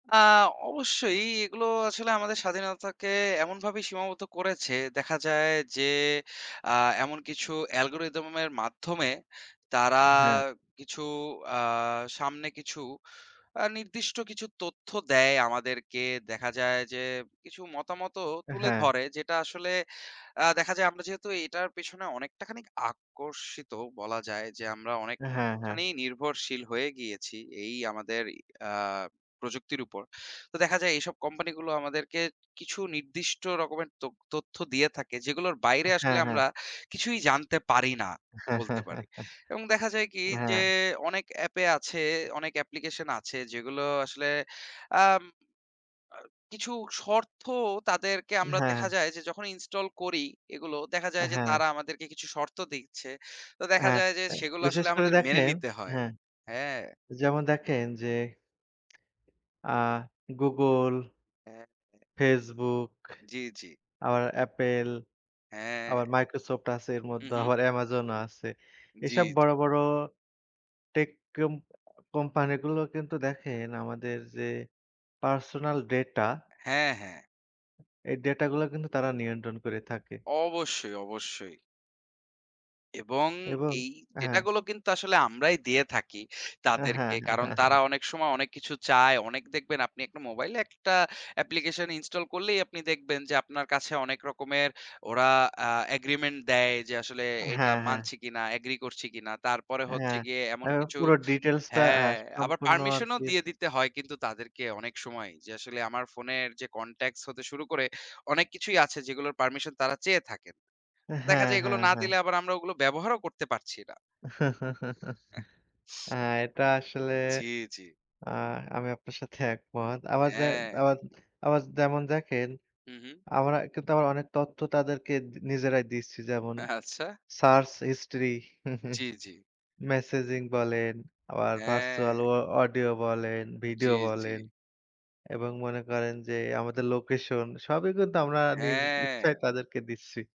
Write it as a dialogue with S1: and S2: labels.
S1: আ অবশ্যই এগুলো আসলে আমাদের স্বাধীনতাকে এমনভাবে সীমাবদ্ধ করেছে দেখা যায় যে, আ এমন কিছু অ্যালগরিদম এর মাধ্যমে তারা
S2: হ্যাঁ।
S1: কিছু আ সামনে কিছু আ নির্দিষ্ট কিছু তথ্য দেয় আমাদেরকে দেখা যায় যে, কিছু মতামতও তুলে
S2: হ্যাঁ।
S1: ধরে যেটা আসলে আ দেখা যায় আমরা যেহেতু এটার পেছনে অনেকটা খানিক আকর্ষিত বলা যায় যে আমরা
S2: হ্যাঁ, হ্যাঁ।
S1: অনেকখানি নির্ভরশীল হয়ে গিয়েছি এই আমাদের আ প্রযুক্তির উপর। তো দেখা যায় এইসব কোম্পানিগুলো আমাদেরকে কিছু নির্দিষ্ট রকমের ত্যথ তথ্য দিয়ে থাকে যেগুলোর বাইরে আসলে
S2: হ্যাঁ, হ্যাঁ।
S1: আমরা কিছুই জানতে পারি না। বলতে পারি এবং দেখা যায় কি যে
S2: হ্যাঁ।
S1: অনেক এ্যাপে আছে অনেক অ্যাপ্লিকেশন আছে যেগুলো আসলে আ আ কিছু শর্ত তাদেরকে আমরা
S2: হ্যাঁ।
S1: দেখা যায় যে যখন ইনস্টল করি এগুলো দেখা যায় যে
S2: হ্যাঁ।
S1: তারা আমাদেরকে কিছু শর্ত দিচ্ছে। তো
S2: হ্যাঁ,
S1: দেখা
S2: হ্যাঁ
S1: যায় যে সেগুলো
S2: বিশেষ
S1: আসলে
S2: করে
S1: আমাদের মেনে
S2: দেখেন
S1: নিতে হয়।
S2: হ্যাঁ।
S1: হ্যাঁ।
S2: যেমন দেখেন যে আ Google
S1: হ্যাঁ, হ্যাঁ।
S2: Facebook,
S1: জি, জি।
S2: আবার Apple,
S1: হ্যাঁ।
S2: আবার Microsoft আছে এর
S1: হু,
S2: মধ্যে
S1: হু।
S2: আবার অ্যামাজন ও আছে।
S1: জি,
S2: এসব বড়,
S1: জি।
S2: বড় টেক কোম্পানি গুলো কিন্তু দেখেন আমাদের যে পার্সোনাল ডাটা
S1: হ্যাঁ, হ্যাঁ।
S2: এই ডাটা গুলো কিন্তু তারা নিয়ন্ত্রণ করে থাকে।
S1: অবশ্যই, অবশ্যই। এবং
S2: এবং
S1: এই ডেটা
S2: হ্যাঁ।
S1: গুলো কিন্তু আসলে আমরাই দিয়ে থাকি
S2: হ্যাঁ, হ্যাঁ,
S1: তাদেরকে কারণ
S2: হ্যাঁ,
S1: তারা
S2: হ্যাঁ।
S1: অনেক সময় অনেক কিছু চায় অনেক দেখবেন আপনি একটা মোবাইলে একটা অ্যাপ্লিকেশন ইনস্টল করলেই আপনি দেখবেন যে আপনার কাছে অনেক রকমের ওরা আ এগ্রিমেন্ট দেয় যে আসলে এটা
S2: হ্যাঁ, হ্যাঁ।
S1: মানছি কিনা এগ্রি করছি কিনা। তারপরে হচ্ছে
S2: হ্যাঁ,
S1: গিয়ে
S2: আ
S1: এমন কিছু
S2: পুরো ডিটেইলসটা আ
S1: হ্যাঁ আবার
S2: সম্পূর্ণ
S1: পারমিশন ও
S2: আরকি
S1: দিয়ে দিতে হয় কিন্তু তাদেরকে অনেক সময় যে আসলে আমার ফোনের যে কনট্যাক্ট হতে শুরু করে অনেক কিছুই আছে যেগুলোর পারমিশন তারা চেয়ে থাকেন। দেখা
S2: হ্যাঁ,
S1: যায় এগুলো
S2: হ্যাঁ,
S1: না
S2: হ্যাঁ।
S1: দিলে আমরা ওগুলো ব্যবহারও করতে পারছি না।
S2: আ এটা আসলে
S1: জি, জি।
S2: আ আমি আপনার সাথে একমত। আবার যে
S1: হ্যাঁ।
S2: আবার আবার যেমন দেখেন
S1: হু, হু।
S2: আমরা কিন্তু আমার অনেক তথ্য তাদেরকে নিজেরাই দিচ্ছি। যেমন
S1: আচ্ছা।
S2: সার্চ হিস্ট্রি,
S1: জি, জি।
S2: মেসেজিং বলেন, আবার ভার্চুয়াল
S1: হ্যাঁ।
S2: অ অডিও বলেন,
S1: জি,
S2: ভিডিও
S1: জি।
S2: বলেন এবং মনে করেন যে আমাদের লোকেশন সবই কিন্তু আমরা নিজ
S1: হ্যাঁ।
S2: ইচ্ছায় তাদেরকে দিচ্ছি।